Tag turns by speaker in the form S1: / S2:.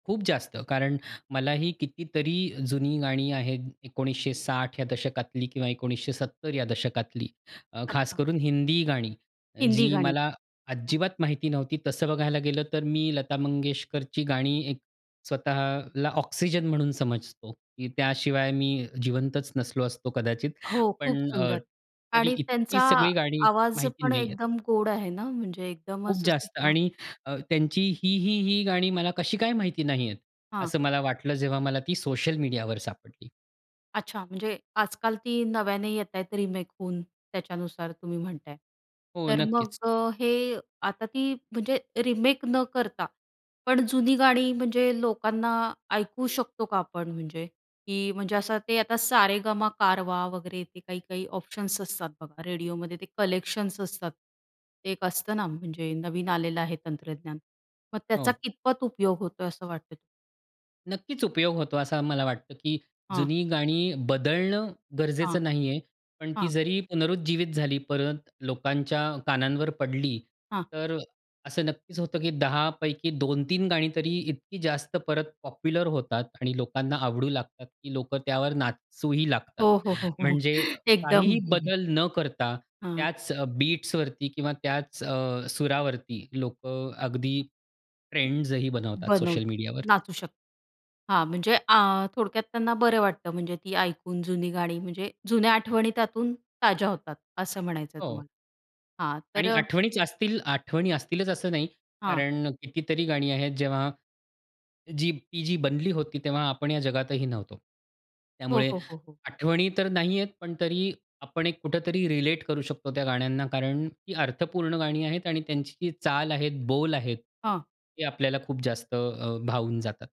S1: खूप जास्त. कारण मलाही कितीतरी जुनी गाणी आहेत 1960 या दशकातली किंवा 1970 या दशकातली. अ, खास
S2: अच्छा.
S1: करून हिंदी गाणी.
S2: हिंदी
S1: जी
S2: गाणी.
S1: मला
S2: हां.
S1: अजिबात माहिती नव्हती तसं बघायला गेलं, तर मी लता मंगेशकरची गाणी एक स्वतःला ऑक्सिजन म्हणून समजतो, की त्याशिवाय मी जिवंतच नसलो असतो कदाचित.
S2: हो. खूप
S1: पण अ,
S2: सुंदर.
S1: तरी
S2: आणि
S1: इतकी
S2: त्यांचा
S1: सगळी गाणी
S2: आवाज
S1: माहिती
S2: पण
S1: नाही आहेत.
S2: एकदम गोड आहे ना म्हणजे एकदम
S1: खूप
S2: असं सु
S1: जास्त.
S2: हां.
S1: आणि अ, त्यांची ही, ही, ही गाणी मला कशी काय माहिती नाहीये,
S2: हां.
S1: असं मला वाटलं जेव्हा मला ती सोशल मीडियावर सापडली.
S2: अच्छा. म्हणजे आजकाल ती नव्याने येतायेत रिमेक होऊन त्याच्यानुसार तुम्ही म्हणताय.
S1: हो.
S2: तर मग
S1: नक्कीच.
S2: अ, हे आता ती म्हणजे रिमेक न करता, पण जुनी गाणी म्हणजे लोकांना ऐकू शकतो का आपण? म्हणजे, की म्हणजे असं ते आता सारेगमा कारवा वगैरे ते काही-काही ऑप्शन्स असतात बघा रेडिओमध्ये ते कलेक्शन्स असतात. ते एक असतं ना म्हणजे नवीन आलेलं आहे तंत्रज्ञान. मग त्याचा
S1: हो.
S2: कितपत उपयोग होतोय असं वाटतं?
S1: नक्कीच. उपयोग होतो असं मला वाटतं, की
S2: हां.
S1: जुनी गाणी बदलणं
S2: हां,
S1: गरजेचं नाही आहे. पण ती
S2: हां.
S1: जरी पुनरुज्जीवित झाली, परत लोकांच्या कानांवर पडली,
S2: हां.
S1: तर असं नक्कीच होतं, की 10 पैकी 2-3 गाणी तरी इतकी जास्त परत पॉप्युलर होतात आणि लोकांना आवडू लागतात, की लोकं त्यावर नाचूही लागतात.
S2: हो, हो, हो, हो.
S1: म्हणजे
S2: एकदम.
S1: काहीही बदल न करता
S2: हां.
S1: त्याच अ, बीट्सवरती किंवा त्याच अ, सुरावरती लोकं अगदी ट्रेंड्स ही बनवतात सोशल
S2: बनवतात.
S1: मीडियावर.
S2: नाचू शकतात. हां, म्हणजे आ, थोडक्यात त्यांना बरं वाटतं म्हणजे ती ऐकून जुनी गाणी म्हणजे जुन्या आठवणी त्यातून ताज्या होतात असं म्हणायचंय
S1: हो.
S2: तुम्हाला. हां, तर
S1: आणि
S2: अ
S1: आठवणीच असतील आठवणी असतीलच असं नाही.
S2: हां.
S1: कारण कितीतरी गाणी आहेत जेव्हा जी ती जी बनली होती तेव्हा आपण या जगातही नव्हतो.
S2: हो,
S1: त्यामुळे
S2: हो, हो, हो.
S1: आठवणी तर नाही आहेत, पण तरी आपण एक कुठेतरी रिलेट करू शकतो त्या गाण्यांना, कारण ती अर्थपूर्ण गाणी आहेत आणि त्यांची चाल आहे, बोल आहेत
S2: हां.
S1: हे आपल्याला खूप जास्त अ, भावून जातात.